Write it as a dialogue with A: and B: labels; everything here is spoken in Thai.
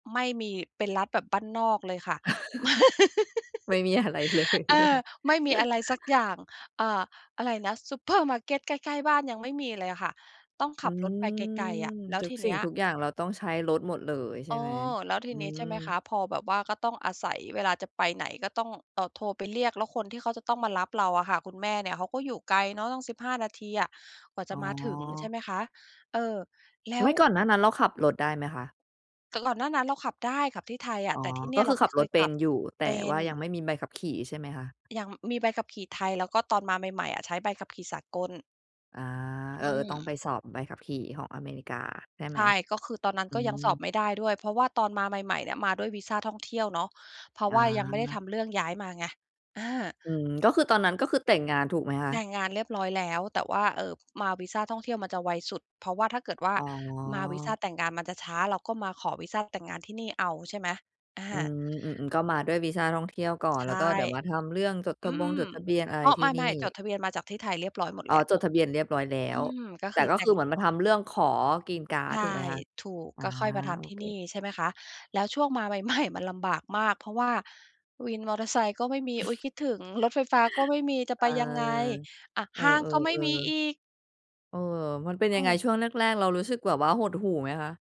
A: ไม่มี เป็นรัฐแบบบ้านนอกเลยค่ะ ไม่
B: ไม่มีอะไรเลย
A: เอ
B: ใช่ไห
A: อ
B: ม?
A: ไม่มีอะไรสักอย่าง อ่า อะไรนะ ซูเปอร์มาร์เกตใกล้ ๆ บ้านยังไม่มีเลยอะค่ะ ต้องข
B: อื
A: ับรถไป
B: ม
A: ไกล ๆ อะ แล้ว
B: ทุก
A: ทีเ
B: สิ
A: น
B: ่
A: ี
B: ง
A: ้ย
B: ทุกอย่างเราต้องใช้รถหมดเลยใ
A: เ
B: ช่
A: อ
B: ไหม?
A: อ แล้วท
B: อ
A: ี
B: ื
A: นี้
B: ม
A: ใช่ไหมคะ พอแบบว่าก็ต้องอาศัยเวลาจะไปไหน ก็ต้อง เอ่อ โทรไปเรียก แล้วคนที่เขาจะต้องมารับเราอะค่ะ คุณแม่เนี่ยเขาก็อยู่ไกลเนาะต้อง 15 นาทีอะกว่า
B: อ
A: จ
B: ๋
A: ะมาถึง ใช่
B: อ
A: ไหมคะ เออ แล้
B: ไม
A: ว
B: ่ ก่อนหน้านั้นเราขับรถได้ไหมคะ?
A: แต่ก่อนหน้านั้นเราขับได้ ขับที่ไทยอะ
B: อ๋อ
A: แต่ที่เน
B: ก
A: ี่
B: ็
A: ย
B: ค
A: เร
B: ื
A: า
B: อ
A: ไ
B: ข
A: ม
B: ั
A: ่
B: บ
A: เค
B: รถ
A: ย
B: เป
A: ข
B: ็
A: ั
B: น
A: บ
B: อยู่ แต
A: เป
B: ่
A: ็
B: ว่
A: น
B: ายังไม่มีใบขับขี่ใช่ไหมคะ?
A: ยัง มีใบขับขี่ไทย แล้วก็ตอนมาใหม่ ๆ อะ ใช้ใบขับ ขี่สากล
B: อา
A: อ
B: เออ
A: ื
B: ๆ ต้อง
A: ม
B: ไปสอบใบขับขี่ของอเมริกาใช่ไ
A: ใ
B: หม?
A: ช่ ก็คือตอนนั้น
B: อื
A: ก็ยังสอบ
B: ม
A: ไม่ได้ด้วย เพราะว่าตอนมาใหม่ ๆ เนี่ย มาด้วยวีซาท่องเที่ยวเนาะ เพราะ
B: อ
A: ว่ายังไม่ได้
B: า
A: ทำเรื่องย้ายมาไง อา
B: อืม ก็คือตอนนั้นก็คือแต่งงานถูกไหมคะ?
A: แต่งงานเรียบร้อยแล้ว แต่ว่า เอ่อ มาวีซาท่องเที่ยวมันจะไวสุด เพราะว่าถ้าเกิดว่า
B: อ๋อ
A: มาวีซาแต่งงานมันจะช้า เราก็มาขอวีซาแต่งงานที่นี่เอา ใช่ไหม อ
B: อื
A: า
B: ม อือ ๆ ก็มาด้วยวีซาท่องเที่ยวก่อน
A: ใช
B: แล้ว
A: ่
B: ก็เดี๋ยวมาทำเรื่องจดท
A: อื
B: ะบง
A: ม
B: จดทะเบียนอะไ
A: อ
B: ร
A: ้อ
B: ที
A: ไ
B: ่นี
A: ม
B: ่
A: ่ ๆ จดทะเบียนมาจากที่ไทยเรียบร้อยหมด
B: อ๋อ
A: แล้ว
B: จดทะเบียนเรียบร้อยแล้
A: อื
B: ว
A: ม ก็
B: แต
A: ค
B: ่
A: ือ
B: ก็
A: แต่
B: คื
A: ง
B: อเหมือนมาทำเรื่องขอกรีนการ์
A: ใ
B: ด
A: ช่
B: ถูกไหมคะ?
A: ถูก
B: อา
A: ก็ค่อยมาท
B: โอ
A: ำที่
B: เ
A: นี
B: ค
A: ่ ใช่ไหมคะ แล้วช่วงมา ใหม่ ๆ มันลำบากมาก เพราะว่าวินมอเตอร์ไซค์ก็ไม่มี อุ๊ย คิดถึงรถไฟฟ้าก็ไม่มี จะ
B: เอ
A: ไป
B: อ
A: ยังไง? อะ
B: เออ
A: ห้างก็ไม่มีอี
B: ๆ
A: ก
B: ๆ เออ มันเป็น
A: เ
B: ยังไง?
A: ออ
B: ช่วงแรก ๆ เรารู้สึกแบบว่าหดหู่ไหมคะ?